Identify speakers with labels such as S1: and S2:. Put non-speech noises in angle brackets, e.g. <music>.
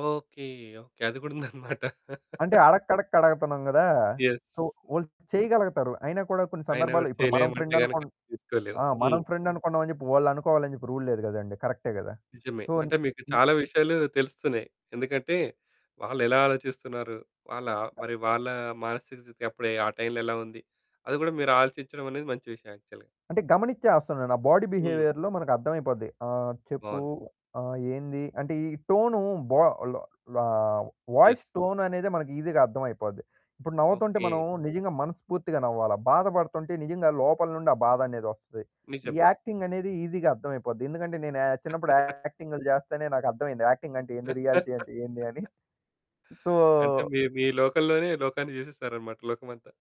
S1: Okay. Okay. అది కూడా ఉందన్నమాట.
S2: అంటే అడక్కడక్క అడగతన్నాం కదా!
S1: యస్.
S2: సో, వాళ్ళు చేయగలగతారు. అయినా కూడా కొన్ని
S1: ఆయన
S2: సందర్భాల్లో
S1: గూడా
S2: ఇప్పుడు మనం
S1: చేయలేము అంటే
S2: ఫ్రెండ్
S1: గనక
S2: అనుకుం
S1: తీసుకోలేము.
S2: ఆ! మనం
S1: హ్మ్.
S2: ఫ్రెండ్ అనుకున్నాం అని చెప్పి వాళ్ళనుకోవాలని చెప్పి రూల్ లేదు కదండీ. కరెక్టే కదా!
S1: నిజమే.
S2: సో
S1: అంటే మీకు
S2: హ్మ్.
S1: చాలా విషయాలు తెలుస్తున్నాయి. ఎందుకంటే వాళ్ళెలా ఆలోచిస్తున్నారు? వాళ్ళ మరి వాళ్ళ మానసిక స్థితి అప్పుడే ఆ టైంలో ఎలా ఉంది? అది కూడా మీరు ఆలోచించడం అనేది మంచి విషయం యాక్చువల్‌గా.
S2: అంటే గమనించేస్తానున్నాను. ఆ బాడీ
S1: హ్మ్.
S2: బిహేవియర్‌లో మనకు అర్థమైపోద్ది. ఆహ్, చెప్పు,
S1: బావుంది.
S2: ఆహ్, ఏంది? అంటే ఈ టోను బా ల్ లా
S1: యస్.
S2: వాయిస్ టోన్ అనేదే మనకు ఈజీగా అర్థమైపోద్ది. ఇప్పుడు నవ్వుతుంటే మనం
S1: ఓకే.
S2: నిజంగా మనస్పూర్తిగా నవ్వాలా. బాధ పడుతుంటే నిజంగా లోపల నుండి ఆ బాధనేదొస్తది. ఈ
S1: నిజమే.
S2: యాక్టింగ్ అనేది ఈజీగా అర్థమైపోద్ది. ఎందుకంటే నేను యా చిన్నప్పుడు
S1: <laughs>
S2: యాక్టింగ్లు చేస్తేనే నాకు అర్థవైంది. యాక్టింగ్ అంటే ఏంది? రియాలిటీ అంటే ఏంది అని.
S1: <laughs>
S2: సో
S1: అంటే మీ మీ లోకంలోనే లోకాన్ని చేసేసారనమాట లోకమంతా.